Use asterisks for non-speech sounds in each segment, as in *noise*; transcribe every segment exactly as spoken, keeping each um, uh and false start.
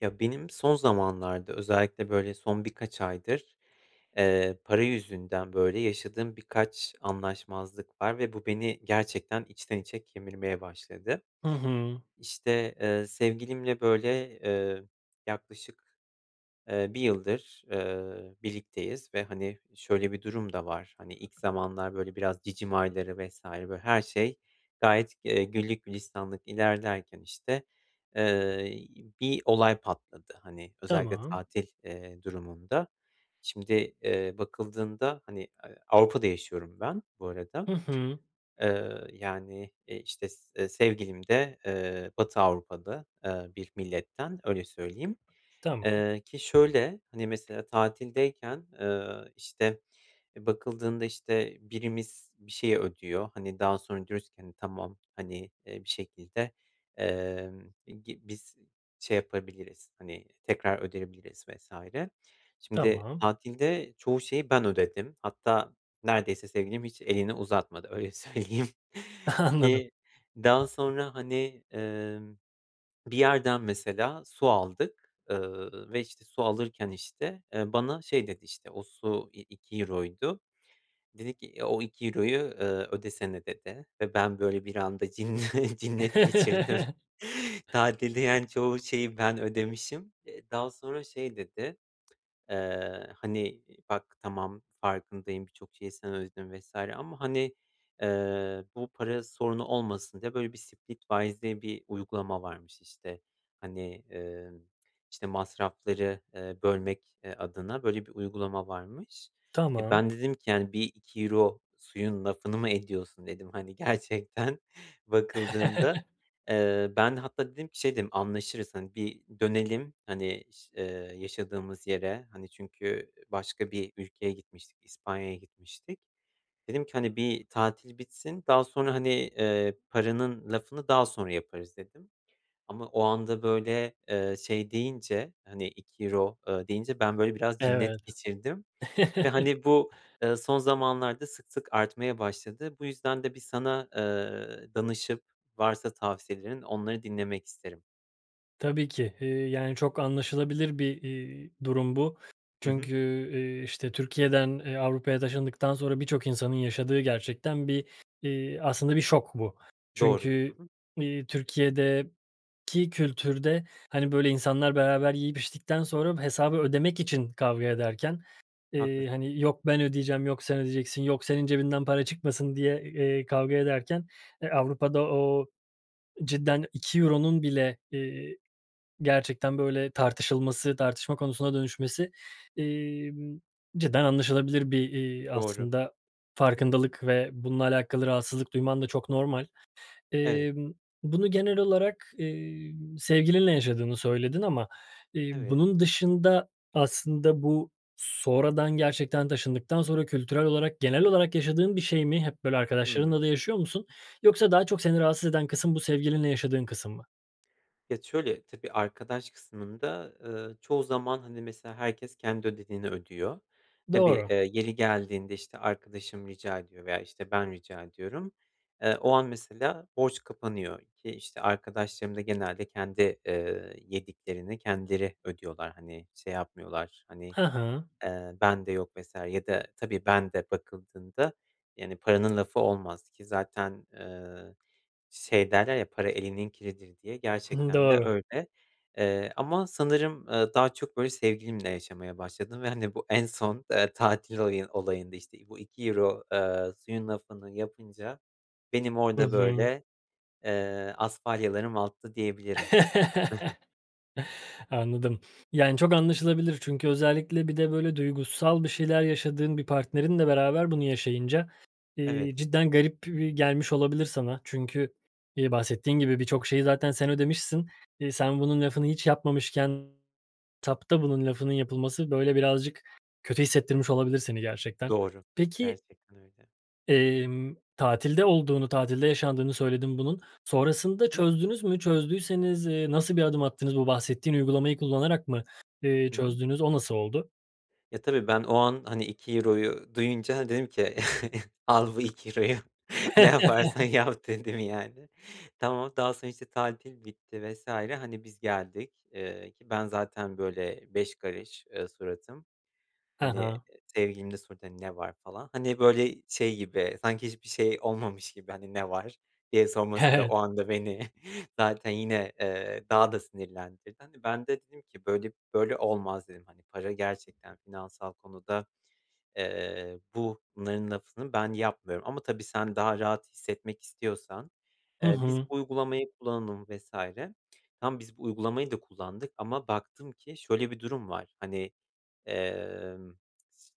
Ya, benim son zamanlarda özellikle, böyle, son birkaç aydır, eee, para yüzünden, böyle, yaşadığım birkaç anlaşmazlık var ve bu beni gerçekten içten içe kemirmeye başladı. Hı hı. İşte, eee, sevgilimle, böyle, eee, yaklaşık, eee, bir yıldır, eee, birlikteyiz ve, hani, şöyle bir durum da var. Hani, ilk zamanlar, böyle, biraz cicim ayları vs. böyle, her şey gayet, eee, güllük gülistanlık ilerlerken, işte, eee, bir olay patladı, hani, özellikle Tamam. tatil, eee, durumunda. Şimdi, eee, bakıldığında, hani, eee, Avrupa'da yaşıyorum ben bu arada. Hı hı. Eee, yani, eee, işte, s e sevgilim de, eee, Batı Avrupa'da, eee, bir milletten, öyle söyleyeyim. Tamam. Eee, ki şöyle, hani, mesela, tatildeyken, eee, işte, e bakıldığında, işte, birimiz bir şeyi ödüyor, hani, daha sonra diyoruz ki, hani, tamam, hani, bir şekilde, eee, i gi biz şey yapabiliriz, hani, tekrar ödeyebiliriz vs. Şimdi Tamam. tatilde çoğu şeyi ben ödedim. Hatta neredeyse sevgilim hiç elini uzatmadı öyle söyleyeyim Anladım. ki daha sonra, hani, emm, bir yerden, mesela, su aldık, eee, ve, işte, su alırken, işte, eee, bana şey dedi, işte, o su, i iki euroydu. Dedi ki, e o iki euroyu, eee, ödesene, dedi ve ben böyle, bir anda cinne cinnet geçirdim. *chuckles* Tatilde, yani, çoğu şeyi ben ödemişim. Eee, daha sonra şey dedi, eee, hani, "Bak, tamam, farkındayım; birçok şeyi sen ödedin." vs. ama hani, eee, bu para sorunu olmasın diye böyle bir, Splitwise diye bir uygulama varmış. İşte, hani, eee, işte, masrafları, eee, bölmek, eee, adına, böyle, bir uygulama varmış. E, Tamam. ben dedim ki, yani, bir iki euro suyun lafını mı ediyorsun, dedim. Hani, gerçekten bakıldığında. *chuckles* Eee, ben hatta dedim ki şey dedim, anlaşırız, hani, bir dönelim, hani, ş eee, yaşadığımız yere, hani, çünkü başka bir ülkeye gitmiştik, İspanya'ya gitmiştik. Dedim ki hani bir tatil bitsin daha sonra, hani, eee, paranın lafını daha sonra yaparız, dedim. Ama o anda, böyle, eee, şey deyince, hani, iki euro, eee, deyince ben, böyle, biraz Evet. cinnet geçirdim ve, *chuckles* hani, bu, eee, son zamanlarda sık sık artmaya başladı. Bu yüzden de bir sana, eee, danışıp varsa tavsiyelerin onları dinlemek isterim. Tabii ki. Eee, yani, çok anlaşılabilir bir, eee, durum bu. Hı hı. Çünkü, eee, işte, Türkiye'den, eee, Avrupa'ya taşındıktan sonra birçok insanın yaşadığı gerçekten bir, eee, aslında, bir şok bu. Doğru. Çünkü, Hı hı. iii, Türkiye'deki kültürde, hani, böyle, insanlar beraber yiyip içtikten sonra hesabı ödemek için kavga ederken, Haklısın. eee, hani, yok, "Ben ödeyeceğim!" yok, "Sen ödeyeceksin.", yok "Senin cebinden para çıkmasın." diye, eee, kavga ederken, eee, Avrupa'da o, cidden iki euronun bile, eee, gerçekten böyle tartışılması, tartışma konusuna dönüşmesi, emm, cidden anlaşılabilir bir, eee, Doğru. aslında, Hı hı. farkındalık ve bununla alakalı rahatsızlık duyman da çok normal. Evet. Emm, bunu genel olarak, eee, sevgilinle yaşadığını söyledin ama, eee, Evet. bunun dışında aslında bu sonradan gerçekten taşındıktan sonra kültürel olarak genel olarak yaşadığın bir şey mi hep böyle, Hımm. arkadaşlarınla da yaşıyor musun yoksa daha çok seni rahatsız eden kısım, bu, sevgilinle yaşadığın kısım mı? Ya şöyle: Tabii, arkadaş kısmında, ııı, çoğu zaman, hani, mesela, herkes kendi ödediğini ödüyor. Tabii, Doğru. eee, yeri geldiğinde, işte, arkadaşım rica ediyor veya, işte, ben rica ediyorum. Eee, o an, mesela, borç kapanıyor ki, işte, arkadaşlarım da genelde kendi, eee, yediklerini kendileri ödüyorlar, hani, şey yapmıyorlar, hani, Hı hı. eee, bende yok vs. ya da tabii, ben de bakıldığında yani paranın lafı olmaz ki zaten, eee, şey derler, "Ya, para elinin kiridir." diye, Hı hı gerçekten de doğru. öyle. Eee, ama sanırım, ııı, daha çok böyle, sevgilimle yaşamaya başladım ve hani bu en son, eee, tatil olayı olayında, işte, bu iki euro, eee, suyun lafını yapınca benim Hı orada hı. böyle, eee, asfalyalarım alttı diyebilirim. *chuckles* *chuckles* Anladım. Yani, çok anlaşılabilir. Çünkü özellikle bir de böyle duygusal bir şeyler yaşadığın bir partnerinle beraber bunu yaşayınca, eee, Evet. cidden garip e gelmiş olabilir sana. Çünkü, eee, bahsettiğin gibi birçok şeyi zaten sen ödemişsin. Eee, sen bunun lafını hiç yapmamışken tapta bunun lafının yapılması, böyle, birazcık kötü hissettirmiş olabilir seni gerçekten. Doğru. Peki Gerçekten öyle. emm, tatilde olduğunu, tatilde yaşandığını söyledin bunun. Sonrasında *unintelligible* çözdünüz mü? Çözdüyseniz, eee, nasıl bir adım attınız? Bu bahsettiğin uygulamayı kullanarak mı, eee, Hı hı. çözdüğünüz? O nasıl oldu? Ya, tabii, ben o an, hani, iki euroyu duyunca dedim ki *chuckles* "Al bu iki euroyu ne yaparsan *chuckles* yap." dedim, yani. Tamam daha sonra, işte, tatil bitti vs. Hani, biz geldik, ııı, ki ben zaten, böyle, beş karış, ııı, suratım. Hı Hani, hı. sevgilim de sordu, ne var falan. Hani, böyle, şey gibi sanki hiçbir şey olmamış gibi, hani, ne var diye He sorması da o evet. anda beni *chuckles* zaten yine, eee, daha da sinirlendirdi. Hani, ben de dedim ki böyle böyle olmaz dedim, hani, para gerçekten finansal konuda, eee, bunların lafını ben yapmıyorum ama, tabii, sen daha rahat hissetmek istiyorsan, Hı eee, biz hı. bu uygulamayı kullanalım vs. Tamam, biz bu uygulamayı da kullandık ama baktım ki şöyle bir durum var, hani, emm,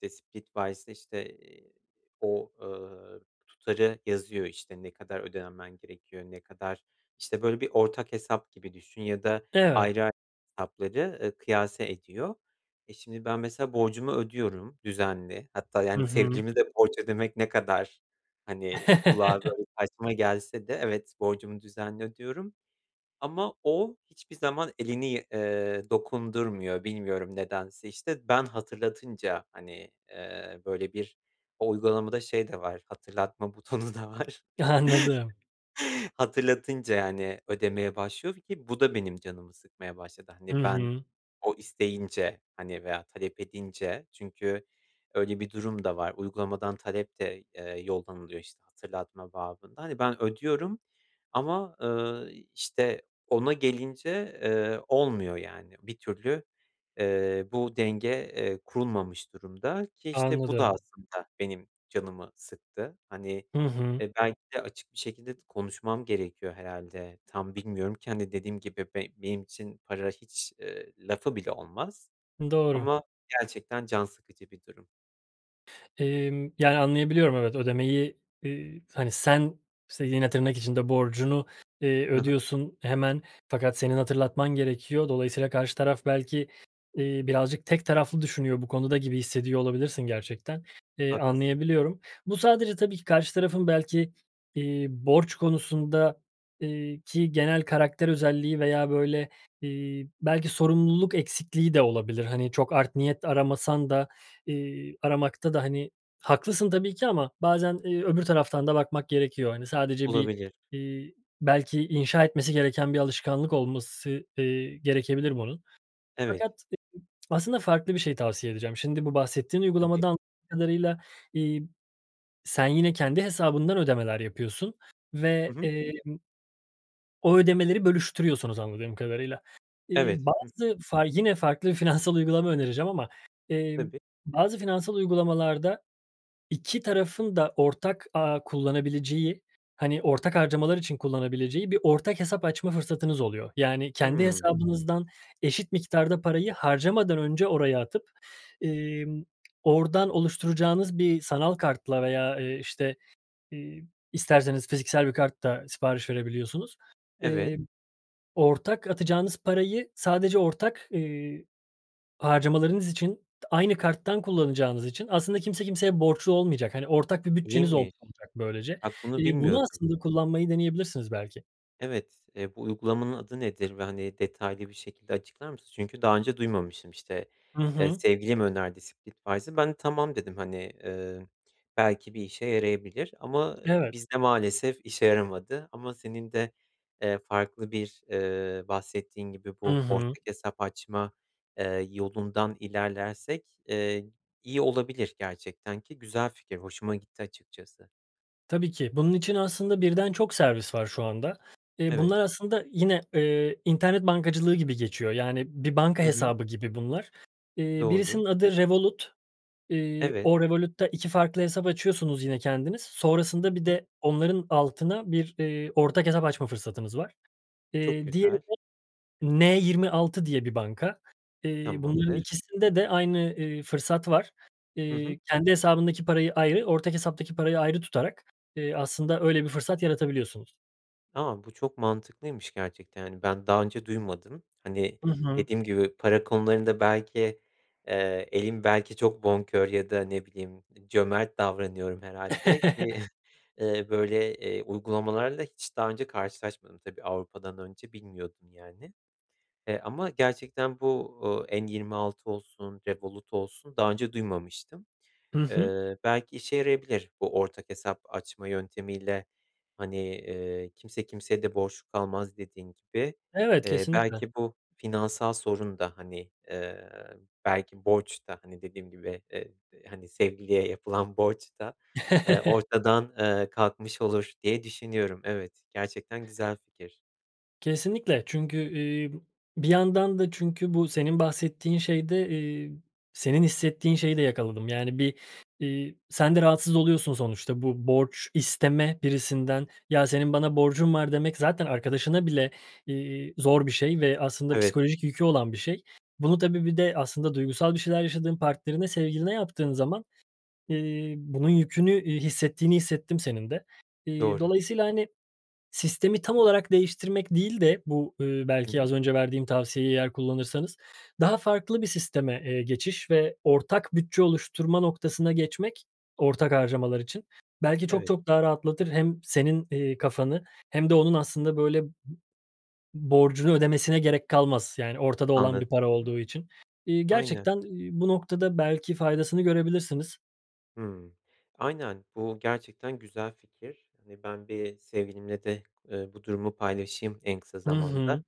Splitwise'da, işte, eee, o, ııı, tutarı yazıyor, işte, ne kadar ödemen gerekiyor, ne kadar, işte, böyle, bir ortak hesap gibi düşün ya da Evet. ayrı a hesapları, eee, kıyase ediyor. E, şimdi ben, mesela, borcumu ödüyorum düzenli. Hatta, Hı yani, hı. sevgilime de borç ödemek ne kadar, hani, kulağa, *chuckles* böyle, saçma gelse de evet borcumu düzenli ödüyorum. Ama o hiçbir zaman elini, iii, dokundurmuyor. Bilmiyorum nedense, işte. Ben hatırlatınca, hani, eee, böyle, bir O uygulamada şey de var hatırlatma butonu da var. Anladım. *chuckles* Hatırlatınca, yani, ödemeye başlıyor ki bu da benim canımı sıkmaya başladı. Hı Hani, ben hı. o isteyince, hani, veya talep edince çünkü öyle bir durum da var uygulamadan talep de, eee, yollanılıyor, işte, hatırlatma babında. Hani, ben ödüyorum ama, eee, işte, ona gelince, eee, olmuyor, yani. Bir türlü, eee, bu denge, eee, kurulmamış durumda ki, işte, bu da, Anladım. aslında, benim canımı sıktı. Hani, Hı hı. e, belki de açık bir şekilde t konuşmam gerekiyor herhâlde. Tam bilmiyorum ki, hani, dediğim gibi be benim için para hiç, ııı, lafı bile olmaz Doğru. ama gerçekten can sıkıcı bir durum. Emm, yani, anlayabiliyorum. Evet, ödemeyi, iii, hani, sen s yine tırnak içinde borcunu, eee, Hı hı. ödüyorsun hemen fakat senin hatırlatman gerekiyor. Dolayısıyla karşı taraf belki, iii, birazcık tek taraflı düşünüyor bu konuda gibi hissediyor olabilirsin gerçekten, iii, Haklısın. anlayabiliyorum. Bu sadece tabii ki, karşı tarafın belki, iii, borç konusunda, iii, ki genel karakter özelliği veya, böyle, iii, belki sorumluluk eksikliği de olabilir. Hani, çok art niyet aramasan da, iii, aramakta da, hani, haklısın tabii ki ama bazen, iii, öbür taraftan da bakmak gerekiyor. Hani, sadece bir, Olabilir. iii, belki inşa etmesi gereken bir alışkanlık olması, eee, gerekebilir bunun. Evet. Fakat *unintelligible* aslında farklı bir şey tavsiye edeceğim. Şimdi bu bahsettiğin *unintelligible* uygulamadan *unintelligible* kadarıyla, iii, sen yine kendi hesabından ödemeler yapıyorsun Hı ve, hı. emm, o ödemeleri bölüştürüyorsunuz anladığım kadarıyla. Evet. İii, Hı hı. bazı fa yine farklı finansal uygulama önereceğim ama, emm, Tabii. bazı finansal uygulamalarda iki tarafın da ortak ağı kullanabileceği, hani, ortak harcamalar için kullanabileceği bir ortak hesap açma fırsatınız oluyor. Yani, kendi Hımm. hesabınızdan eşit miktarda parayı harcamadan önce oraya atıp, ımm, oradan oluşturacağınız bir sanal kartla veya, eee, işte, iii, isterseniz fiziksel bir kart da sipariş verebiliyorsunuz. Eee, Evet. ortak atacağınız parayı sadece ortak, iii, harcamalarınız için, t aynı karttan kullanacağınız için aslında kimse kimseye borçlu olmayacak, hani, ortak bir bütçeniz olmuş İyiymiş. olacak böylece. Bak bunu İii, bunu bilmiyordum. aslında kullanmayı deneyebilirsiniz belki. Evet. Eee, bu uygulamanın adı nedir ve, hani, detaylı bir şekilde açıklar mısın? Çünkü daha önce duymamıştım, işte, Hı eee, hı. sevgilim önerdi "Splitwise'ı." Ben, "Tamam." dedim. Hani, ııı, belki bir işe yarayabilir ama, ııı, Evet. bizde maalesef işe yaramadı ama senin de, eee, farklı bir, eee, bahsettiğin gibi I bu hı. ortak hesap açma, eee, yolundan ilerlersek, eee, iyi olabilir gerçekten ki güzel fikir hoşuma gitti açıkçası. Tabii ki. Bunun için aslında birden çok servis var şu anda. Eee, Evet. bunlar aslında yine, ııı, internet bankacılığı gibi geçiyor. Yani, bir banka I hı. hesabı gibi bunlar. Eee, Doğru. birisinin adı Revolut. Iıı, Evet. o Revolut'ta iki farklı hesap açıyorsunuz yine kendiniz. Sonrasında bir Hı. de onların altına bir, ııı, ortak hesap açma fırsatımız var. Çok Eee, diğeri güzel. de N26 diye bir banka. Eee, bunların Tamamdır. ikisinde de aynı, ııı, fırsat var. Hı hı. Iıı, kendi hesabındaki parayı ayrı, ortak hesaptaki parayı ayrı tutarak, ııı, aslında öyle bir fırsat yaratabiliyorsunuz. Tamam, bu çok mantıklıymış gerçekten, yani, ben daha önce duymadım. Hani, Hı hı. dediğim gibi para konularında belki, eee, elim belki çok bonkör ya da ne bileyim, iii, cömert davranıyorum herhâlde ki, *chuckles* *chuckles* ııı, böyle, eee, uygulamalarla hiç daha önce karşılaşmadım tabii. Avrupa'dan önce bilmiyordum, yani. E, ama gerçekten bu, ııı, N26 olsun, Revolut olsun daha önce duymamıştım. I hı. Iıı, belki işe yarayabilir bu ortak hesap açma yöntemiyle, hani, ııı, kimse kimseye de borçlu kalmaz dediğin gibi. Evet, Eee, kesinlikle. belki bu finansal sorun da, hani, eee, belki borç da, hani, dediğim gibi, eee, d hani, sevgiliye yapılan borç da, eee, *chuckles* ortadan, eee, kalkmış olur diye düşünüyorum. Evet, gerçekten güzel fikir. Kesinlikle, çünkü, iii, b bir yandan da çünkü bu senin bahsettiğin şeyde, iii, senin hissettiğin şeyi de yakaladım. Yani, bir, iii, sen de rahatsız oluyorsun sonuçta. Bu borç isteme birisinden, "Ya, senin bana borcun var," demek zaten arkadaşına bile, iii, zor bir şey ve aslında Evet. psikolojik yükü olan bir şey. Bunu tabii, bir de aslında duygusal bir şeyler yaşadığın partnerine, sevgiline yaptığın zaman, iii, bunun yükünü, iii, hissettiğini hissettim senin de. Eee, Doğru. dolayısıyla, hani, sistemi tam olarak değiştirmek değil de bu, eee, Hı belki hı. az önce verdiğim tavsiyeyi eğer kullanırsanız, daha farklı bir sisteme, eee, geçiş ve ortak bütçe oluşturma noktasına geçmek ortak harcamalar için. Belki çok Evet. çok daha rahatlatır, hem senin, eee, kafanı hem de onun aslında, böyle, b borcunu ödemesine gerek kalmaz, yani, ortada olan Anladım. bir para Hı hı. olduğu için. İii, Aynen. gerçekten, iii, bu noktada belki faydasını görebilirsiniz. Hımm. Aynen. Bu gerçekten güzel fikir. Hani, ben bir sevgilimle de, ııı, bu durumu paylaşayım en kısa Hı zamanda. hı.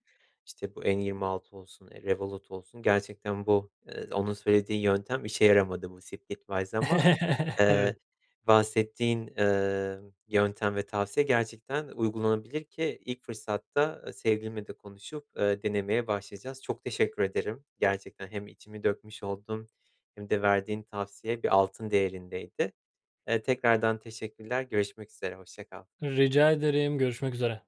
İşte, bu N26 olsun, eee, Revolut olsun gerçekten bu, ııı, onun söylediği yöntem işe yaramadı, bu Splitwise ama, *chuckles* ııı, Evet. bahsettiğin, ııı, yöntem ve tavsiye gerçekten uygulanabilir ki ilk fırsatta, ııı, sevgilimle de konuşup, ııı, denemeye başlayacağız. Çok teşekkür ederim gerçekten, hem içimi dökmüş oldum hem de verdiğin tavsiye bir altın değerindeydi. Eee, tekrardan teşekkürler. Görüşmek üzere, hoşça kal. Rica ederim, görüşmek üzere.